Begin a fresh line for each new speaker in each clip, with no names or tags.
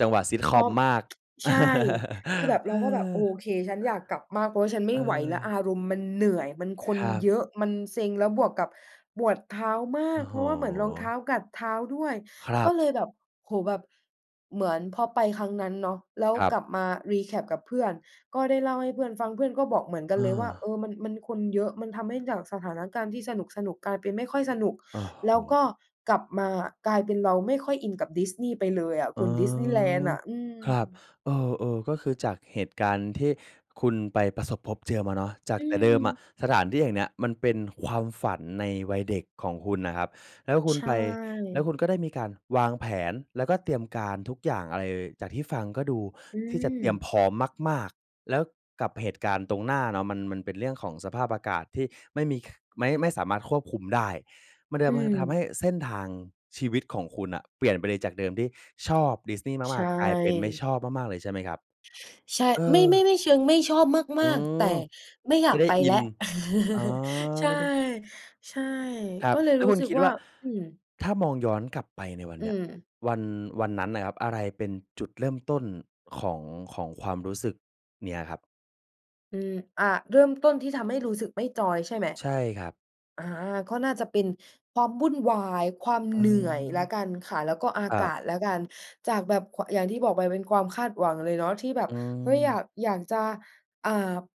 จังหวะ
ทอ
Sitcom
ม
มาก
ใช่ คือแบบ
เ
เ
อ
ราก็แบบ
อ
โอเค ฉันอยากกลับมาก เพราะว่าฉันไม่ไหวแล้ว อ
เออ
ารมณ์มันเหนื่อย มันค
ค
น
รับ
เยอะ มันเซ็ง แล้วบวกกับปวดเท้าม
โ
า
อ้
ก
โ
เพ
ฮ
ราะว่าเหมือนรองเท้ากัดเท้าด้วย
ครั
ก็
บ
เลยแบบ โอ้โฮ แบบเหมือนพอไปครั้งนั้นเนาะ แล้ว
ครับ
กลับมา recap กับเพื่อน ก็ได้เล่าให้เพื่อนฟัง เพื่อนก็บอกเหมือนกั
เ
นเลยว่า
ออ
"เออ มัน มันคนเยอะ มันทำให้จากสถานการณ์ที่สนุก ๆ กลายเป็นไม่ค่อยสนุก"
โอ้
แล
โ
้ว
ฮ
ก็กลับมากลายเป็นเราไม่ค่อยอินกับ Disney ไปเลยอะ
อ
ค
๋
ุ
อ
ณ Disneyland น่ะ อื
ครับ
ม
เออ ๆ ก็คือจากเหตุการณ์ที่คุณไปประสบพบเจอมาเนาะ จา
อ
กแต่เดิมอะ
ืม
สถานที่แห่งเนี้ย มันเป็นความฝันในวัยเด็กของคุณน่ะครับ แล้วคุ
ใ
ณ
ช
ไป แล้วคุณ
่
ก็ได้มีการวางแผน แล้วก็เตรียมการทุกอย่างอะไร จากที่ฟังก็ดู
อื
ที่จะเตรียม
ม
พร้อมมาก ๆ แล้วกับเหตุการณ์ตรงหน้าเนาะ มัน มันเป็นเรื่องของสภาพอากาศที่ไม่มีคึ ไม่ ไม่สามารถควบคุมได้ มันท
อื
ำ ทำให
ม
้เส้นทางชีวิตของคุณน่ะ เปลี่ยนไปเลย จากเดิมที่ชอบ Disney
ใช
มาก ๆ กลายเป็นไม่
่
ชอบมาก ๆ เลยใช่ไหมครับ?
ใช่
เอ
ไม่ ไม่
อ
ไม่ ไม่เชิงไม่ชอบ
อ
ม
ื
าก ๆ แต่
ม
ไม่อย
ไม
า
่
ก
ได้
ไป
อิ
แล้ว
น อะ
ใช่
ไม่ได้
ใช่
ครั
ก
บ
็เลย
แล้ว
รู
ค
้
ุณ
สึก
คิด
ว่
ว
า
่า
อืม
ถ้ามองย้อนกลับไปในวัน
อ
เ
ื
นี้ย
ม
วัน วันนั้นน่ะครับ อะไรเป็นจุดเริ่มต้นของ ของความรู้สึกเนี้ยครับ?
อืม อ่า เริ่มต้นที่ทำให้รู้สึกไม่จอย ใช่ไหม
ใช่ครับ
อ่า ก็น่าจะเป็นความวุ่นวาย ความ
อ๋
เ
อ
หนื่อยแล้วกันค่ะ แล้วก็อา
ครั
ก
บ
าศแล้วกัน จากแบบควะ อย่างที่บอกไปเป็นความคาดหวังเลยเนาะที่แบบ
อื
เฮ้ย! อยา
ม
ก อยากจะ อ่า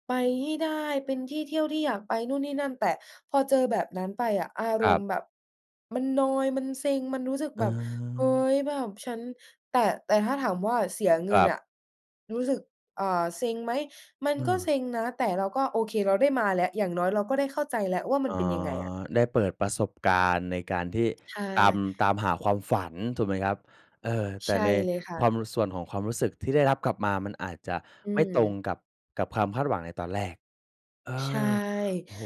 ไปให้ได้ เป็นที่เที่ยวที่อยากไปนู่นนี่นั่น แต่พอเจอแบบนั้นไปอะ อา
ค
ร
รั
ม
บ
ณ์แบบมันนอยด์ มันเซ็ง มันรู้สึก
อ
แบบ เฮ้
า
ย แบบฉัน แต่ แต่ถ้าถามว่าเสียเง
ค
ิ
ร
น
ั
น
บ
่ะ รู้สึก อ่า เซ็งไหม มัน
อื
ก็
ม
เซ็งนะ แต่เราก็โอเคเราได้มาแล้ว อย่างน้อยเราก็ได้เข้าใจแล้ว ว่าม
อ
ั
๋
น
อ
เป็นยังไงอะ
ได้เปิดประสบการณ์ในการที่
ใช
ตาม
่
ตามหาความฝันถูกไหมครับ? เออ แต
ใช
่
่
ใน
เลยค่
ค
ะ
วาม ส่วนของความรู้สึกที่ได้รับกลับมามันอาจจะ
อื
ไม่ตรง
ม
กับ กับความคาดหวังในตอนแรก เอ
ใช่
อ โอ้โฮ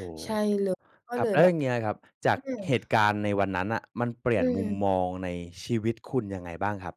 ใช่
คร
เลอ ก็เ
ั
ล
บ
ย
แล้
แ
ว
บ
อย
บ
่างเงี้ยครับ จา
อื
ก
ม
เหตุการณ์ในวันนั้นน่ะ มันเปลี
อ
่ยนมุม
ืม
มองในชีวิตคุณยังไงบ้างครับ?